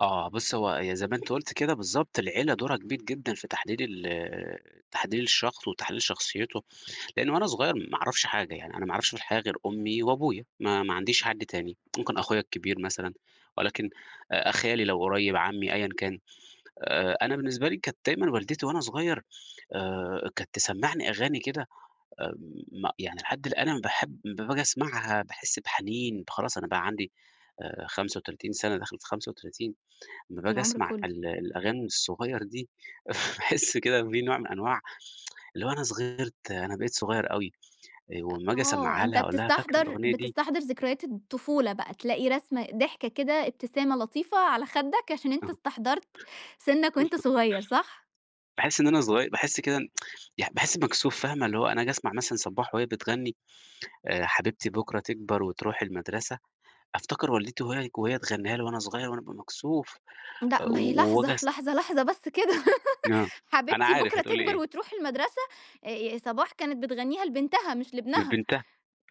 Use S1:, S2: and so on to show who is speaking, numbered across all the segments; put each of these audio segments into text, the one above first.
S1: آه. بُصّي، هو ي زي ما أنتِ قُلتِ كده بالضبط، العيلة دورها كبير جدًا في تحليل ال تحليل الشخص وتحليل شخصيته، لإن وأنا صغير ما أعرفش حاجة، يعني أنا ما أعرفش الحاجة، أنا ما أعرفش في الحياة غير أمي وأبويا، ما ما عنديش حد تاني. ممكن أخويا الكبير مثلًا ولكن أ خالي لو قريّب، عمّي أيًا كان. آآ أنا بالنسبة لي كانت دايمًا والدتي وأنا صغير آآ كانت تسمّعني أغاني كده آمم م يعني لحد الآن أنا باحب با باجي أسمعها، باحِس بحنين، خلاص أنا بَقى عندي آآ 35 سَنة، داخل في 35. لمّا باجي
S2: العمر
S1: أسمع
S2: كُلّه.
S1: ال الأغاني الصغير دي، باحِس كده في نوع من أنواع اللي هو أنا صغرت، أنا بقيت صغيّر أوي، آآ
S2: أ
S1: وأمّا آجي
S2: آه.
S1: أسمّعها
S2: أنت
S1: لها، أقول لها: "فاكرة
S2: بتستحضَر
S1: الأغنية دي؟"
S2: بتستحضَر ذكريات الطفولة بقى، تلاقي رسمة ضحكة كده، ابتسامة لطيفة على خَدّك، عشان أنت
S1: آه.
S2: استحضَرت سِنّك وأنت صغير صح؟
S1: باحِس إن أنا صغي باحِس كده إن يع باحِس مكسوف فاهمة؟ اللي هو أنا آجي أسمع مثلًا صباح وهي بتغنّي آآ حبيبتي بكرة تكبر وتروح المدرسة، أفتكر والدتي وهي ك وهي تغنّيها لي وأنا صغير وأنا أبقى مكسوف آآ
S2: لأ، ما هي
S1: و
S2: لحظة،
S1: وآجي أس
S2: لحظة، لحظة بس كده،
S1: آه. أنا
S2: حبيبتي
S1: عارف
S2: بكرة
S1: هتقولي
S2: تكبر
S1: إيه.
S2: وتروح المدرسة، آآ صباح كانت بتغنّيها لبنتها مش لابنها.
S1: لبنتها.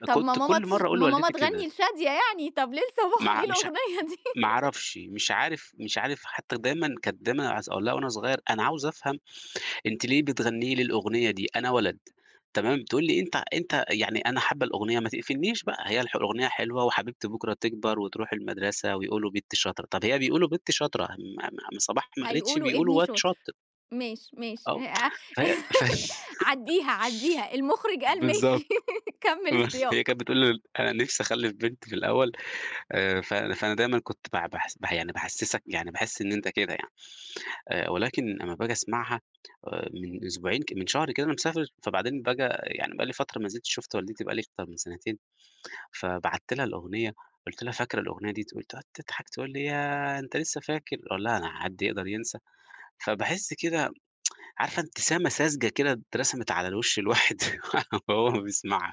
S2: طب ما
S1: كنت
S2: ماما
S1: كل
S2: تش
S1: مرّة أقول
S2: ما ماما
S1: لوالدتي كده.
S2: تغنّي لشادية يعني، طب ليه لصباح؟
S1: مع
S2: ليه
S1: مش
S2: الأغنية دي؟
S1: ما أعرفش، مش عارف مش عارف حتّى دايمًا كانِت دايمًا عظ أقول لها وأنا صغير: ،أنا عاوز أفهم أنتِ ليه بتغنّي لي الأغنية دي، أنا ولد." تمام؟ تقول لي: "أنت أنت يعني أنا حاّبة الأغنية ما تقفلنيش بقى" هي الح الأغنية حلوة وحبيبتي بكرة تكبر وتروح المدرسة، ويقولوا بنتي شاطرة، طيب هي بيقولوا بنتي شاطرة! ما- ما ما صباح ما قالتش
S2: هيقولوا
S1: بيقولوا
S2: ابني
S1: واد
S2: شاطر.
S1: شاطر.
S2: ماشي، ماشي
S1: آه.
S2: [unintelligible]
S1: فهي فهي
S2: عدّيها، عدّيها، المُخرِج قال
S1: بالضبط.
S2: ماشي كمّل
S1: [unintelligible] هي
S2: السياق.
S1: كانت بتقول ليه: "أنا نِفْسي أخلِّف بنت في الأول." آآ ف فأنا دايمًا كنت بع باحِس ب يعني باحسِّسك، يعني باحِس إن أنت كده يعني. آآ ولكن أمّا باجي أسمعها آآ من أسبوعين ك من شهر كده وأنا مسافر، فبعدين فجأة يعني بقى لي فترة ما نزلتش شُفت والدتي، بقى لي أكتر من سَنتين، فبعت لها الأغنية، قُلت لها: "فاكرة الأغنية دي؟" تقول تقعد تضحك، تقول لي: "ياه! أنت لسّه فاكر؟" أقول لها: "أنا حد يقدر ينسى." فباحِس كده عارفة ابتسامة ساذجة كده اترسمت على الوِش الواحد وهو بيسمعها.